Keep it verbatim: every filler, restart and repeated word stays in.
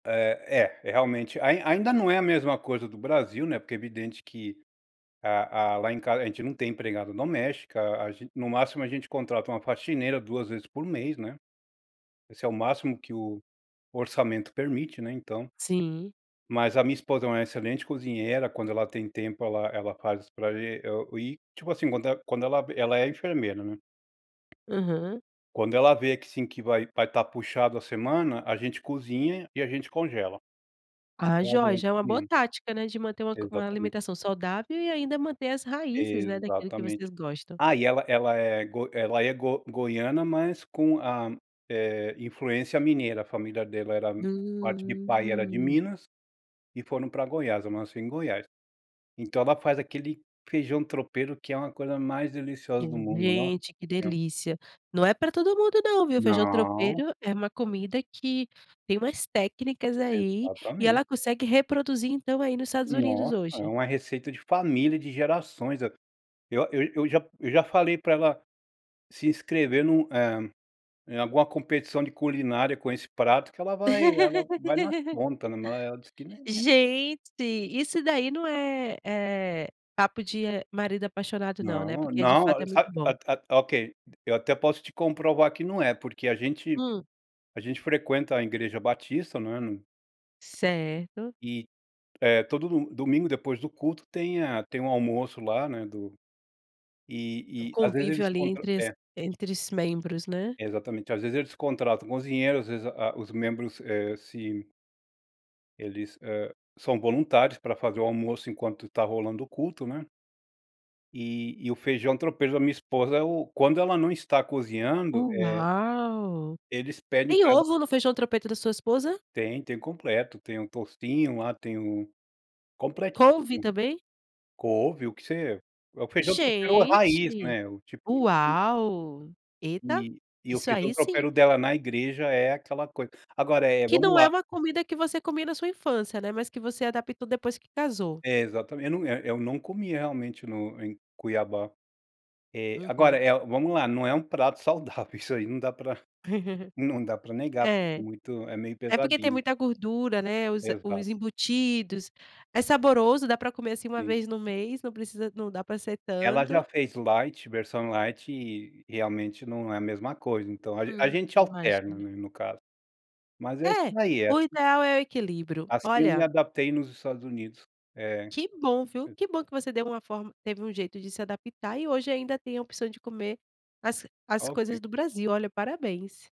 É, é realmente, ain ainda não é a mesma coisa do Brasil, né, porque é evidente que a a lá em casa a gente não tem empregada doméstica, a no máximo a gente contrata uma faxineira duas vezes por mês, né. Esse é o máximo que o orçamento permite, né, então. Sim. Mas a minha esposa é uma excelente cozinheira, quando ela tem tempo ela ela faz para gen e o e tipo assim, quando ela quando ela ela é enfermeira, né. Aham. Quando ela vê que sim, que vai vai estar puxado a semana, a gente cozinha, e a gente congela Ah pra joia, durante já é uma a boa semana. tática, né, de manter uma co uma Exatamente. alimentação saudável e ainda manter as raízes, né, daquele que Exatamente. vocês gostam. Ah e ela ela é go ela é go goiana, mas com a eh, influência mineira, a família dela era parte de pai era de Hum. Minas, e foram para Goiás, eu nasci em Goiás. Então ela faz aquele feijão tropeiro que é uma coisa mais deliciosa do Hum, mundo, Nossa gente que Senhora! delícia, não é para todo mundo não, viu, feijão Não. tropeiro é uma comida que tem umas técnicas aí, e Exatamente. ela consegue reproduzir então aí nos Estados Unidos Nossa, é hoje. uma receita de família de gerações a eu eu já eu já eu já falei para ela se inscrever em um, eh, em alguma competição de culinária com esse prato que ela vai ela vai na conta, né, ela diz que, nã Gente, isso daí não é, eh, papo de marido apaixonado não, né, Não, porque de não, fato é sabe, muito a bom. a a ok, eu até posso te comprovar que não é, porque a gente Hum. a gente frequenta a Igreja Batista, não é, Certo. e, eh, todo do domingo depois do culto tem a tem um almoço lá, né, do e e às vezes Convívio eles ali contra entre as é. entre esses membros, né. Exatamente, às vezes eles contratam cozinheiro, às vezes a os membros, eh, se eles, ah, são voluntários para fazer o almoço enquanto tá rolando o culto, né. E e o feijão tropeiro da minha esposa é o quando ela não tá cozinhando, eh Uau. eles pedem Tem para ela ovo no feijão trompeto da sua esposa? Tem, tem completo, tem um toucinho lá, tem um completíssimo, Couve também? couve, o que você é o feijão tropeiro raiz, Gente né, o tipo na uau, eta, E e eu isso fiz o feijão aí sim. tropeiro dela na igreja é aquela coisa. Agora é, Que vamos não é lá uma comida que você comia na sua infância, né, mas que você adaptou depois que casou. É, exatamente, eu, eh eh ,eu não comi realmente no em Cuiabá. Eh, agora Uhum. é, vamos lá, não é um prato saudável, isso aí não dá pra não dá para negar, É. porque é é meio É porque tem pesadinho. muita gordura, né, os Exato. os embutidos, é saboroso, dá para comer assim uma Sim. vez no mês, não precisa não dá para ser Ela já tanto. fez light, versão light, e realmente não é a mesma coisa, então a a Hum, gente alterna imagina. no caso. Mas é isso É, daí, é o assi ideal é o equilíbrio, assim eu me olha adaptei nos Estados Unidos é, Que bom viu, e que bom que você deu uma forma teve um jeito de se adaptar, e hoje ainda tem a opção de comer as as coisas Ok. do Brasil, olha parabéns.